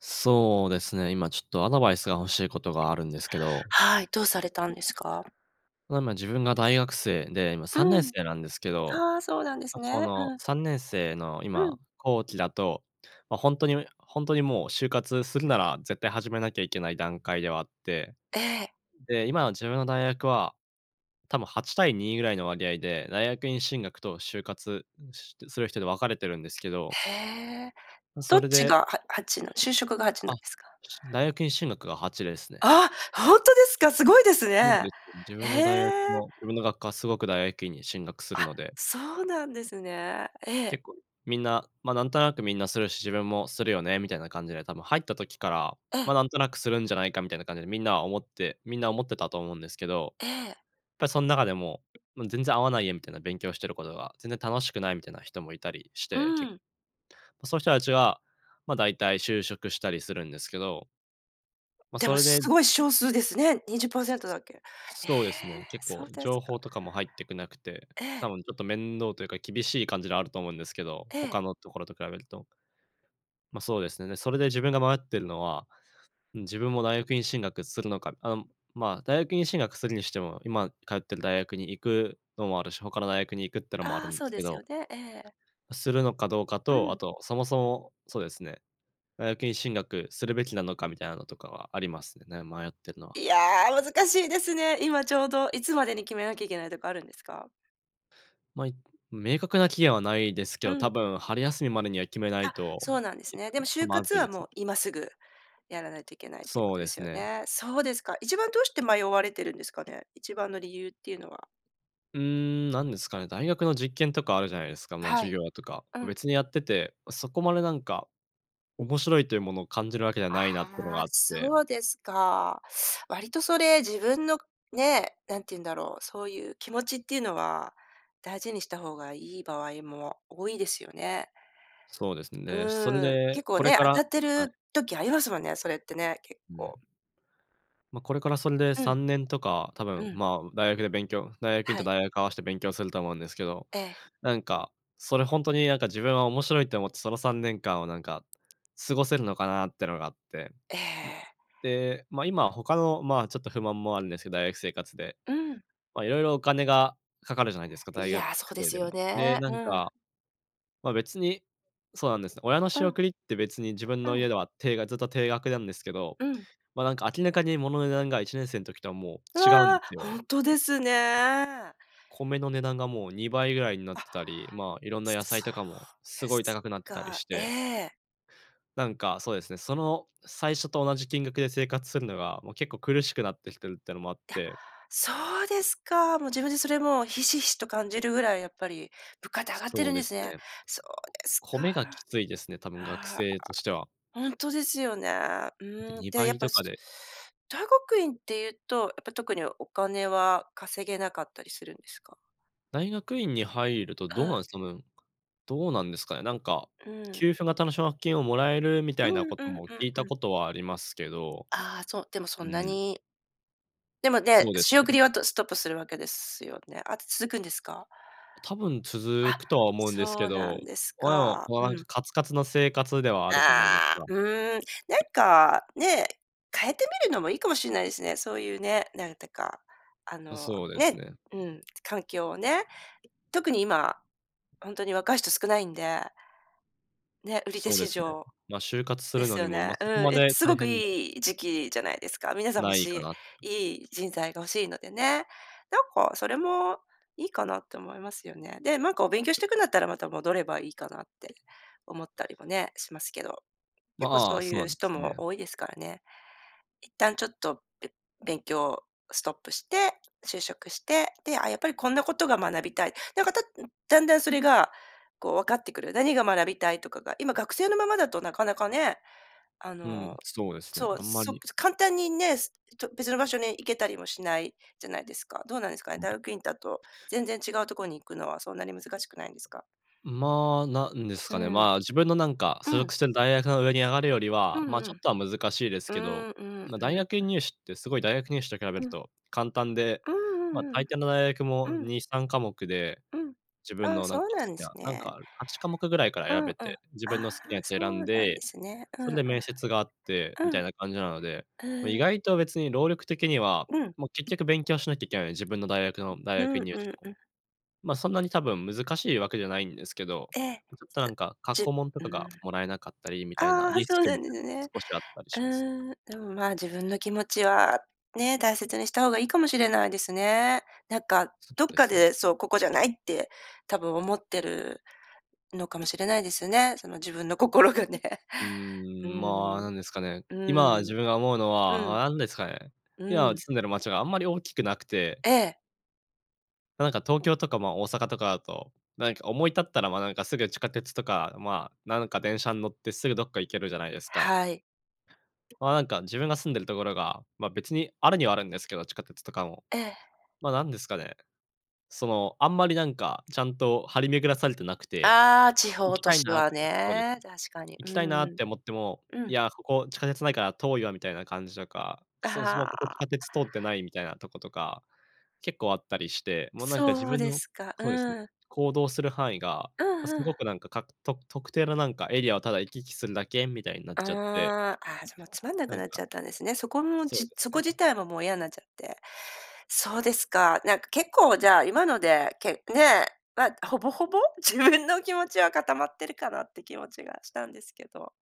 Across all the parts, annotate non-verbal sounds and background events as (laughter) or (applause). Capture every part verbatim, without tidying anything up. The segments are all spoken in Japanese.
そうですね、今ちょっとアドバイスが欲しいことがあるんですけど。はい。どうされたんですか？ま、今自分が大学生で、今さんねうんん。せいなんですけど、あ、そうなんですま、こね。のうん。さんねんせいのうん。今、後期だと、ま、ほんとにほんとにもう就活するなら絶対始めなきゃいけない段階ではあって、ええ。で、今の自分の大学は、多分はちたいにぐらいの割合で、大学院進学と就活うん、しする人で分かれてるんですけど。へえ。ん、どそっれちでがは8の、就職が8なんあ、ですか？しん大学院進学がはちですね。ああ、ほんとですか？すごいですそうね。ですね、自へ分の大学え。の、自分の学科はすごく大学院に進学するあ、ので。そうなんですね。ええ。結構みんな、ま、なんとなく、みんなするし、自分もするよね、みたいな感じで多分入った時から、えま、え。なんとなくするんじゃないか、みたいな感じでみんなは思ってみんな思ってたと思うんですけど、っええ。ぱそん中でも「もう全然合わないや」みたいな勉強してることが、全然楽しくないみたいな人もいたりしうて、けん。ま、そういう人たちは、ま、だいたい就職したりするんですけど。ま、でそも、れすでごい少数ですね。にじゅっパーセンすトだっけ。え、そうですね、結そ構うです情か。報とかも入っくなくて、え多え。分ちょっと面倒というか厳しい感じではあると思うんですけど、ええ。他のところと比べると。ま、そうですね。で、それで自分が迷っているのは、うん、自分も大学院進学するのか、あ、ま、大学院進学するにしても、今通ってる大学に行くのもあるし、他の大学に行くっていうのもあるああ、んでそうすけですどよね、ええ。するのかどうかうと、あん。と、そもそも、そうですね、大学院進学するべきなのか、みたいなのとかはありますね、迷ってるのは。いや、難しいですね。今ちょうど、いつまでに決めなきゃいけないとかあるんですか？ま、い、明確な期限はないですけうど、多んうん。分春休みまでには決めないあ、と、そうなんですけ (unintelligible) ちね。でょもっと就ま活ずいではす。もう今すぐやらないといけないっていうこそとうでですすよね。ね。そうですか。一番どうして迷われてるんですかね？一番の理由っていうのは。うーん、なんですかね、大学の実験とかあるじゃないですか。ま、は授い、業とか、うん。別にやってて、そこまでなんか、面白いというものを感じるわけじゃあないなっていうのがああ、って。そうですか。割とそれ自分のね、何て言うんだろう、そういう気持ちっていうのは大事にした方がいい場合も多いですよね。そうですね、そんうーん、で、結構これね、か当たらってはい。る時、ありますもんね、それってね、結うん。構。ま、これからそんでうさん。んねんとか、多分、うん。ま、大学で勉強大学院はとい。大学合わして勉強すると思うんですけど、ええ。なんか、それほんとになんか自分は面白いと思ってそのさんねんかんをなんか、過ごせるのかなっていうのがあって、えま、え。で、ま、今他の、ま、ちょっと不満もあるんですけど、大学生活で。うん。ま、色々お金がかかるじゃないですか、大い学や、そうで生すでよも。で、ね。なうんん。か、ま、別にそうなんです。親のう仕ん。送りって別に自分うのん。家では定がずっと定額なんですけど、うん。ま、なんか明らかに物の値段がいちねんせいの時とはもう違うんわですあ、よ。本当ですね。米の値段がもうにばいぐらいになっあ、てたり、まあ、いろんな野菜そとかもうですごいす高くなってたりか。しえてえ。なんか、そうですね、その最初と同じ金額で生活するのが、もう結構苦しくなってきてるっていうのもあっいや、て。そうですか。もう自分でそれもひしひしと感じるぐらいやっぱり物価って上そがってそるうんでですすね。ね。そうですか。米がきついですね、多分学ああ、生としては。ほんとですよね、なんかうん、にで、ばやいっぱ、とかすで。大学院っていうと、やっぱ特にお金は稼げなかったりするんですか？大学院に入ると、あどうなんあ。です、その、どうなんですかね、なんかうん。給付型の奨学金をもらえるみたういなんこうとんもう聞んいうたん。ことはありますけど、ああ、そう、でもそうんなん。にでもね、そうで仕す送ね。りはとストップするわけですよね。あと続くんですか？多分続あ、くとは思うんですけそうなど、んですおえお、か。もうなんうかん。カツカツの生活ではあるじゃないですああ、か。うーん、なんかね、変えてみるのもいいかもしれないですね、そういうね、なんやったか、ああ、の、そうですねね。うん。環境をね。特に今、ほんとに若い人少ないんでね、売り手そうで市すね。場ま、就活すでるのすによも、ま、ね、うそこまん、いです大ごく変ではいい時期じゃないですか。皆さん欲ないかしなって。い、いい人材が欲しいのでね。なんかそれも、いいかなって思いますよね。で、なんかお勉強していくんだったらまた戻ればいいかなって、思ったりもね、しますけど。結構まそあ、うそういなうんで人すもね。多いですからね。一旦ちょっとべ勉強ストップして、就職して、で、ああ、やっぱりこんなことが学びたい。なんか、たっだんだんそれが、こう分かってくる、何が学びたいとかが、今学生のままだとなかなかね、あうん、のそうですね、そう、あんまそり。ぷっと簡単にね、別の場所に行けたりもしないじゃないですか。どうなんですかね、は大い。学院だと、全然違うとこに行くのはそんなに難しくないんですか？まあ、何ですうかね、ん。まあ、自分のなんか、所うん。属してる大学の上に上がるよりうは、まあ、んちうょっん。とは難しいですうけど、ーんうーん、まあ、うん大学う院ん。入試ってすごい大学入試と比べうるん。と簡単で、うーん、まあ、うんうんう大抵の大学もん。うん。にさんかもくで、うん。自分あ、のなそんかうな好んできすな、なんか、ね。はちかもくぐらいからう選んうん。べあて、自分あ、の好きなやつを選そんうなんでで、すね。そうんうんで面接があってみん。うたん。いな感じなので、ま、意うーん。外と別に労力的には、うん。もう結局勉強しなきゃいけないので、自分の大学の大う学ん院入うん試も。うん。ま、そんなに多分難しいわけじゃないんですけど、ええ、ちょっとなんか、過じつ去じ問とうかーん。がもらえなかったりみたいなああ、リスそうクなみんでたいすなのもね。少しあったりうします。ーん、でも、ま、自分の気持ちはね、大切にした方がいいかもしれないですね。なんかそうどっでかすね。でそう、ここじゃないって多分思ってるのかもしれないですね。その自分の心がね。ううーん、まあ、ーん、なんですかね、う今ー自ん。分が思うのうん、は、何ですかね。う今ん。住んでる町があんまり大きくなくてええ。ま、なんか東京とか、まあ、大阪とかだと、なにか思い立ったら、ま、なんかすぐ地下鉄とか、まあ、なんか電車ん乗ってすぐどっか行けるじゃないですか。はい。まあ、なんか自分が住んでるところが、ま、別にあるにはあるんですけど、地下鉄とかも。ええ。ま、なんですかね、その、あんまりなんかちゃんと張り巡らされてなくて、ああ、地行方き都たい市のなってはそうです。ね、確かに。う行きたいなっーん。て思ってもう「いん。や、ここ地下鉄ないから遠いわ」みたいな感じとか、「そもそもあここ地下あ。鉄通ってない」みたいなとことか結構あったりして、もうなんか自そう分でのすか、そうです。うん。行動する範囲が、うん、ま、すふごん。くなんかか、と特定のなんかエリアをただ行き来するだけみたいになっちゃって。ああ。ああ、じゃ、もうつまんなくなんなっかちゃったんですね。そこも、そうじですそこ自ね。体ももういやんなっちゃって。そうですか、なんか結構じゃあ今ので、けね、ま、ほぼほぼ自分の気持ちは固まってるかなって気持ちがしたんですけど。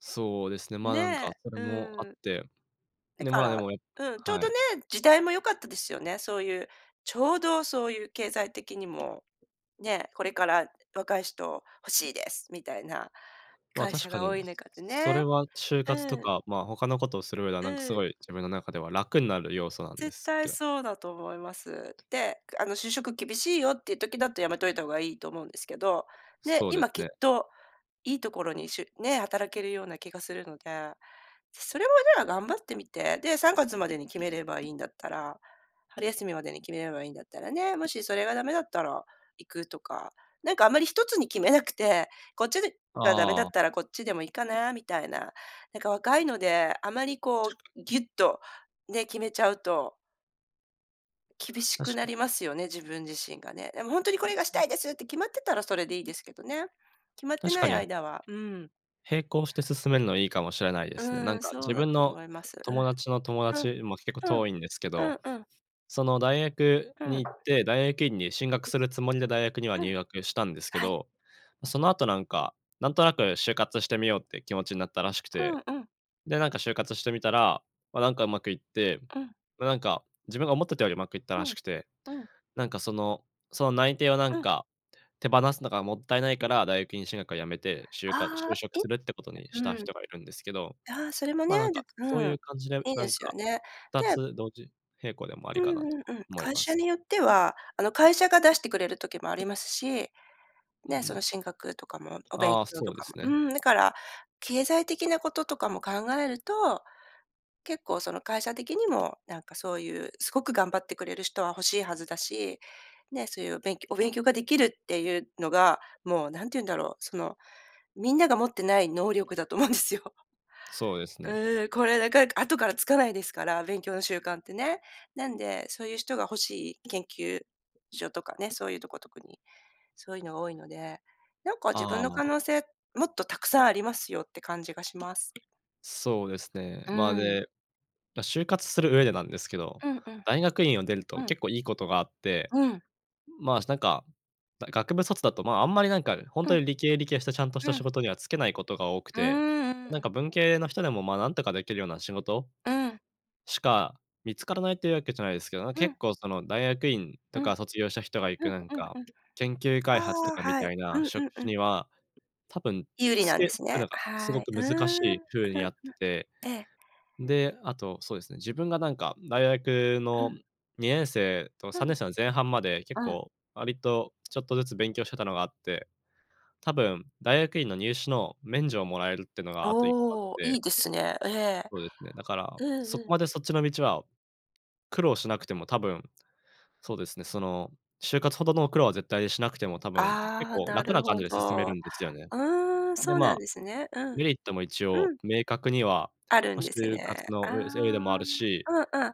そうですね、まあ、なんねかそれえ、もあうっん。て、だで、かまあ、でら、も、やっうん、ちょうはどい。ね、時代も良かったですよね、そういうちょうどそういう経済的にも、ね、これから、若い人欲しいですみたいなまあ、会確社かが多に、い中でそね。れは就活とうん。か、まあ、他のことをする上では、うなんかすん。ごい自分の中では楽になる要素なんで絶すけ対ど。そうだと思います。で、あの、就職厳しいよっていう時だとやめといた方がいいと思うんですけど、ね、そうです今きっね。と、いいところにしゅね、働けるような気がするので。それもじゃあ頑張ってみて、で、さんがつまでに決めればいいんだったら春休みまでに決めればいいんだったらね、もしそれが駄目だったら行くとか。なんかあんまりひとつに決めなくて、こっちで、が駄目だあっあ。たらこっちでもいいかなみたいな。なんか若いので、あまりこうぎ (unintelligible) ゅっとね、決めちゃうと厳しく確なかに。りますよね、自分自身がね。でも「本当にこれがした (unintelligible) いです！」って決まってたらそれでいいですけどね。決まって確なかいに。間は、うん。並行して進めるのはいいかもしれないですね。なうんん、かそう自だと分の思います。友達の友うん。うん。達も結構うん。遠いんですけうど、んうん。その大学うにん。行って、大学院に進学するつもりで大学にはうん。入学したんですけはい。ど、その後なんか、なんとなく就活してみようっていう気持ちになったらしくうて、んうん。で、なんか、就活してみたら、まあ、なんかうまくいって、うん。ま、なんか、自分が思ってたよりうまくいったうらん、しくて、うん。なんか、その、その内定をなんうん。か、手放すのがもったいないから、大学院進学を辞めて、就活、あ就あ、職いするってことにしたうん。人がいるんですけど、ああ、それもまね、あ、ななんんか、か、そうういん、う感じで、いいなでんすよか、ね。ふたでつ同時並行でもありうんかなとうんうん。思い会ま社す。によっては、あの会社が出してくれる時もありますし、うんうね、そん。の進学とかもお勉ああ、強そとうでかすも。ね。うーん、だから、経済的なこととかも考えると、結構その会社的にもなんかそういうすごく頑張ってくれる人は欲しいはずだし、ね、そういうおべんきょお勉強ができるっていうのが、もう何て言うんだろう、そのみんなが持ってない能力だと思うんですよ。そうですうね。ーん、これなかなか後からつかないですから、勉強の習慣ってね。なんで、そういう人が欲しい研究所とかね、そういうとこ特に、そういうのが多いので、「なんか自ああ分のあ可あ。能性、もっとたくさんありますよ」って感じがします。そうですね。うまあ、ーん。でま、就活する上でなんですけど、うんうん。大学院を出るとうん。結構いいことがあって、うん。まあなんか、だい学部卒だと、まあ、あんまりなんか、ほんうとん。に理系理系したちゃんとしたう仕ん。事には就けないことが多くうーて、ん、うん、なんう。か文系の人でもま、なんとかできるような仕事？うん。しか見付からないっていうわけじゃないですけど、う結ん。構その大学院うとん。うんか卒業した人が行くなんうんか、うん。研究開発とああ、かみはい。たいうなんう職んう種ん。には、多分、有利就なんでけすくね。ながすごはい。くうーん、難しうんうい風にあっん。てて。ええ。で、あと、そうですね、自分がなんか大学うのん。にねんせいとうさんねん。んせいの前半まで結うん。構割とちょっとずつ勉強してたのがあって、多分大学院の入試の免除をもらえるってのがあといっこあっおお、いて。いですね。ええ。そうですね、だから、うんそこうん。までそっちの道は、苦労しなくても多分、そうですね、その就活ほどの苦労は絶対しなくても、多分、結ああ、構な楽るな感ほじで進めるど。んですよね。うーん、で、そうなんまあ、ですね。うん。メリットも一う応、ん。明確には、あるま、んです就ね。活あのうせいでもあるし。あ、うんうん。な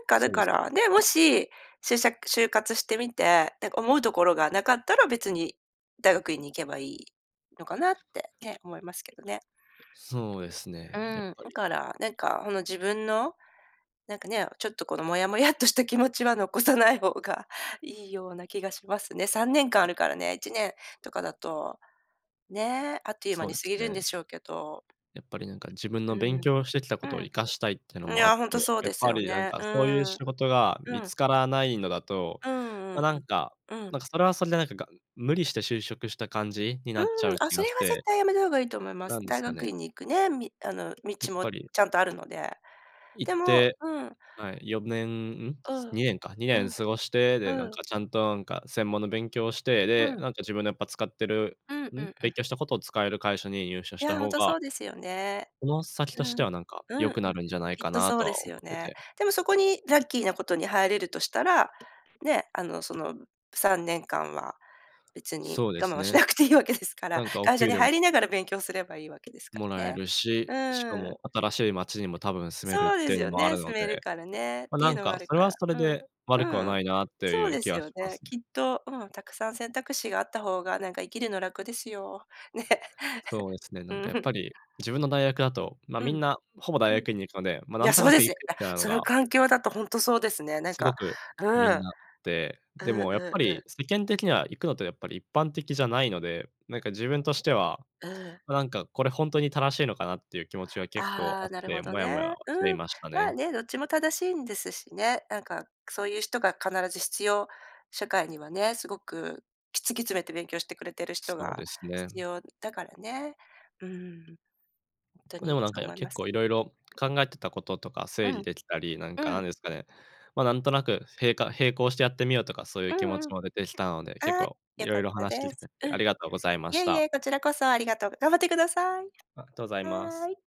んかだそうでかす。ら、ね、もし、しゅうしゃく就活してみて、なんか思うところがなかったら別に、大学院に行けばいいのかなってね、思いますけどね。そうですね、うやっん、ぱだり。から、なんかほの自分の、なんかね、ちょっとこのモヤモヤっとした気持ちは残さない方がいいような気がしますね。さんねんかんあるからね、いちねんとかだと、ね、あっという間そうにで過ぎするんね。でしょうけど。やっぱりなんか自分うの勉ん。強してきたことを生かうしたいってのん、いもあっや、て、ほんとそうやっですぱよりなんね、か、うそういうーん、仕事がう見ん。つからないのだと、うんうま、ん。なんかうん。なんか、それはそれでなんか、が無理して就職した感じにうーなん、っちゃうあ、気そがれはして絶対やめた方がいいと思います。なんです大か学ね。院に行くね、みあのや道っもぱりちゃんとあるので。行っでもてうん。はい、よねん、うん？うん。にねんか、にねうんん。過ごして、で、なんうん。かちゃんと、なんか専門の勉強をして、うで、ん。なんか自分のやっぱ使ってるうんううん？んう勉ん。強したことを使える会社に入社いしたや、ほん方とがそうですよね。この先うとしてん。はなんか、うん良うん。くなるんじゃないきっかとなそとうでは思すよってね。て。でもそこにラッキーなことに入れるとしたら、ね、あの、その、さんねんかんは、別にそうで我慢すはしね。なくていいわけですから、なんかお会社給に料入もりながら勉強すればいいわけですかもららえね。るうし、しかーん。も新しい街にも多分住めるっそうでていすうのよもあるね、の住めるで、からねっま、てないうんのもあかるそれかはら、それうん、うで悪くはーなん、いなっとそういうで気すはよしまね、すね。きっと、うん、沢山選択肢があった方が、なんか生きるの楽ですよ。ね。(laughs) そうですね、うなんかやーっぱん。り、自分の大学だと、ま、うみん。んなほぼ大うん。学院に行くので、ま、いなや、んとそうなでくす。行くあ、みたいなのそのが環境だとほんとそうですね。なんすごかく、うみんん。なで、うでんもやっうんぱうん。り世間的には行くのとやっぱり一般的じゃないので、なんか自分としては、うん。ま、なんかこれほんとに正しいのかなっていう気持ちが結構あああ、っなるほて、どモヤね。モヤはしていうん、ましたまあね。ね、どっちも正しいんですしね。なんか、そういう人が必ず必要社会にはね、すごく、き突き詰めて勉強してくれてる人そうがです必ね。要だからね。うーん。ほんとあ、でにもなんそか、うや思いま結構す。色は々い。考えてたこととかう整理ん。できたり、なんかうなんん。ですかね、ま、なんとなくへいか並行してやってみようとかそういうう気持んちうん。も出てきたので、結ああ、構良色かっ々た話聞いでてくれす。てうん。ありがとうございまいしえいた。え、こちらこそありがとう。頑張ってください。あ、とうございます。はい。